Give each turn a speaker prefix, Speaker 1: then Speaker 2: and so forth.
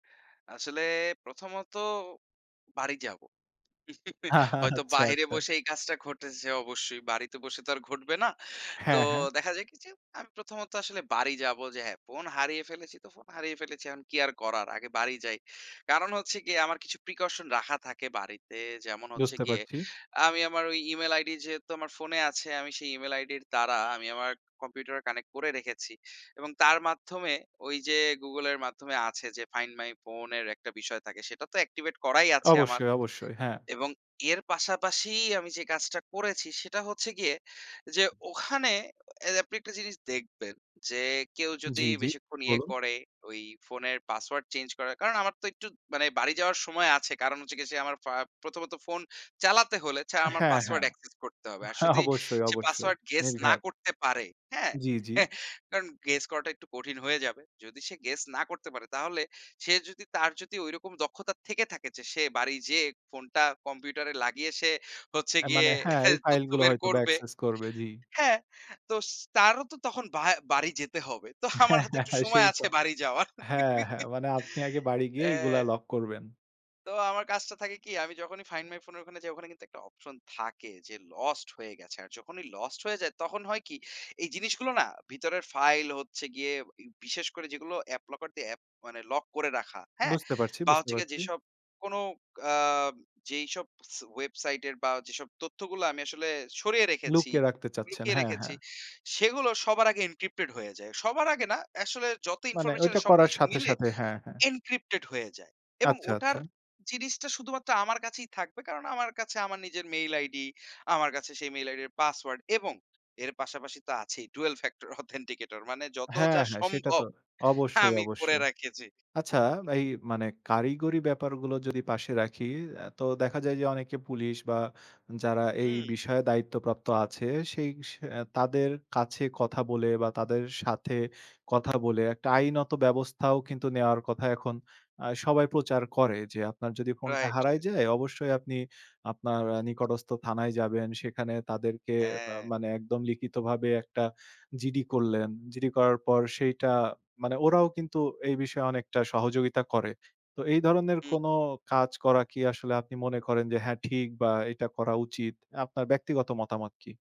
Speaker 1: আসলে প্রথমত বাড়ি যাবো। হয়তো
Speaker 2: আচ্ছা,
Speaker 1: বাহিরে
Speaker 2: আচ্ছা।
Speaker 1: বসে এই কাজটা ঘটেছে অবশ্যই, বাড়িতে বসে তো আর ঘটবে না। তো
Speaker 2: হ্যাঁ, হ্যাঁ।
Speaker 1: দেখা যায় কি? যে, আমি প্রথমত আসলে বাড়ি যাবো যে, হ্যাঁ, ফোন হারিয়ে ফেলেছি, তো ফোন হারিয়ে ফেলেছি। এখন কি আর করার? আগে বাড়ি যাই। কারণ হচ্ছে গিয়ে, আমার কিছু প্রিকশন রাখা থাকে বাড়িতে। যেমন হচ্ছে
Speaker 2: বুঝতে
Speaker 1: গিয়ে
Speaker 2: পারছি।
Speaker 1: আমি আমার, ঐ ইমেইল আইডি যেহেতু আমার ফোনে আছে, আমি সেই ইমেইল আইডির দ্বারা, আমি আমার কম্পিউটারে কানেক্ট করে রেখেছি। এবং তার মাধ্যমে ওই যে, Google এর মাধ্যমে আছে যে, ফাইন্ড মাই ফোন এর একটা বিষয় থাকে, সেটা তো অ্যাক্টিভেট করাই আছে আমার।
Speaker 2: অবশ্যই, অবশ্যই। হ্যাঁ।
Speaker 1: এবং এর পাশাপাশি আমি যে, কাজটা করেছি সেটা হচ্ছে গিয়ে, যে, ওখানে, আপনি একটা জিনিস দেখবেন যে, কেউ যদি
Speaker 2: জ্বী, জ্বী।
Speaker 1: বেশিক্ষণ ইয়ে
Speaker 2: বলুন।
Speaker 1: করে? ওই ফোনের পাসওয়ার্ড চেঞ্জ করার; কারণ আমার তো একটু মানে বাড়ি যাওয়ার সময় আছে। কারণ হচ্ছে যে, গিয়ে, সে আমার ফ প্রথমত ফোন চালাতে হলে, ছা আমার
Speaker 2: হ্যাঁ,
Speaker 1: পাসওয়ার্ড
Speaker 2: হ্যাঁ।
Speaker 1: অ্যাকসেস করতে হবে। আর যদি
Speaker 2: অবশ্যই,
Speaker 1: সে
Speaker 2: অবশ্যই।
Speaker 1: পাসওয়ার্ড গেস না
Speaker 2: নির্ঘাত।
Speaker 1: করতে পারে, হ্যাঁ?
Speaker 2: জ্বী, জ্বী।
Speaker 1: কারণ গেস করাটা একটু কঠিন হয়ে যাবে। যদি সে গেস না করতে পারে, তাহলে সে যদি তার যদি ঐরকম দক্ষতা থেকে থাকে? যে, সে বাড়ি যেয়ে, ফোনটা কম্পিউটারে লাগিয়ে সে হচ্ছে
Speaker 2: অ্যা
Speaker 1: গিয়ে,
Speaker 2: মানে হ্যাঁ, এই ফাইল
Speaker 1: তথ্য
Speaker 2: গুলো
Speaker 1: বের
Speaker 2: হয়তো
Speaker 1: করবে।
Speaker 2: অ্যাকসেস করবে, জ্বী।
Speaker 1: হ্যাঁ? তো স তারও তো তখন ভা বাড়ি যেতে হবে। তো আমার
Speaker 2: হ্যাঁ।
Speaker 1: হাতে
Speaker 2: হ্যাঁ,
Speaker 1: একটু
Speaker 2: হ্যাঁ।
Speaker 1: সময়
Speaker 2: সেই ত
Speaker 1: আছে বাড়ি যাওয়ার।
Speaker 2: হ্যাঁ, হ্যাঁ, মানে আপনি আগে বাড়ি গিয়ে, এগুলা
Speaker 1: অ্যা
Speaker 2: লক করবেন।
Speaker 1: তো আমার কাজটা থাকে কি? আমি যখনই ফাইন্ড মাই ফোন এর ওখানে যাই, ওখানে কিন্তু একটা অপশন থাকে যে, লস্ট হয়ে গেছে। আর যখনই লস্ট হয়ে যায়, তখন হয় কি? এই জিনিসগুলো না? ভিতরের ফাইল হচ্ছে গিয়ে বিশেষ করে, যেগুলো অ্যাপ লকার দিয়ে অ্যাপ মানে লক করে রাখা। হ্যাঁ?
Speaker 2: বুঝতে পারছি,
Speaker 1: বা
Speaker 2: বুঝতে
Speaker 1: হচ্ছে গিয়ে
Speaker 2: পারছি।
Speaker 1: যেসব, কোন আ যেইসব সে ওয়েবসাইটের বা যেসব তথ্যগুলো আমি আসলে সরিয়ে রেখেছি,
Speaker 2: লুকিয়ে রাখতে চাচ্ছেন।
Speaker 1: লুকিয়ে
Speaker 2: হ্যাঁ,
Speaker 1: রেখেছি,
Speaker 2: হ্যাঁ।
Speaker 1: সেগুলো সবার আগে এনক্রিপ্টেড হয়ে যায়। সবার আগে না, আসলে যত
Speaker 2: মানে ওইটা
Speaker 1: ইনফরমেশনের
Speaker 2: করার
Speaker 1: সবকিছু
Speaker 2: সাথে,
Speaker 1: মিলে,
Speaker 2: সাথে। হ্যাঁ, হ্যাঁ।
Speaker 1: এনক্রিপ্টেড হয়ে যায়। এবং
Speaker 2: আচ্ছা, আচ্ছা।
Speaker 1: ওটার জিনিসটা শুধুমাত্র আমার কাছেই থাকবে। কারণ আমার কাছে আমার নিজের মেইল আইডি, আমার কাছে সেই মেইল আইডি 'র পাসওয়ার্ড। এবং এর পাশাপাশি তো আছেই, ডুয়েল ফ্যাক্টর অথেন্টিকেটর। মানে যত
Speaker 2: হ্যাঁ,
Speaker 1: যা
Speaker 2: হ্যাঁ। সেটা
Speaker 1: সম্ভব,
Speaker 2: তো অবশ্যই,
Speaker 1: আমি করে
Speaker 2: অবশ্যই।
Speaker 1: রেখেছি।
Speaker 2: আচ্ছা? এই মানে কারিগরি ব্যাপারগুলো যদি পাশে রাখি, তো দেখা যায় যে, অনেকে পুলিশ বা যারা এই
Speaker 1: হুঁ।
Speaker 2: বিষয়ে দায়িত্বপ্রাপ্ত আছে। সেই স এ তাদের কাছে কথা বলে বা তাদের সাথে কথা বলে, একটা আইনত ব্যবস্থাও কিন্তু নেওয়ার কথা এখন অ্যা সবাই প্রচার করে। যে, "আপনার যদি ফোনটা
Speaker 1: রাইট,
Speaker 2: হারায়
Speaker 1: রাইট।
Speaker 2: যায়? অবশ্যই আপনি আপনার এ নিকটস্থ থানায় যাবেন। সেখানে তাদেরকে বা
Speaker 1: হ্যাঁ।
Speaker 2: মানে একদম লিখিতভাবে একটা জিডি করলেন। জিডি করার পর সেইটা" মানে ওরাও কিন্তু এই বিষয়ে অনেকটা সহযোগিতা করে। তো এই ধরনের
Speaker 1: হুম।
Speaker 2: কোন কাজ করা কি আসলে আপনি মনে করেন যে, "হ্যাঁ, ঠিক" বা "এটা করা উচিত।" আপনার ব্যক্তিগত মতামত কি?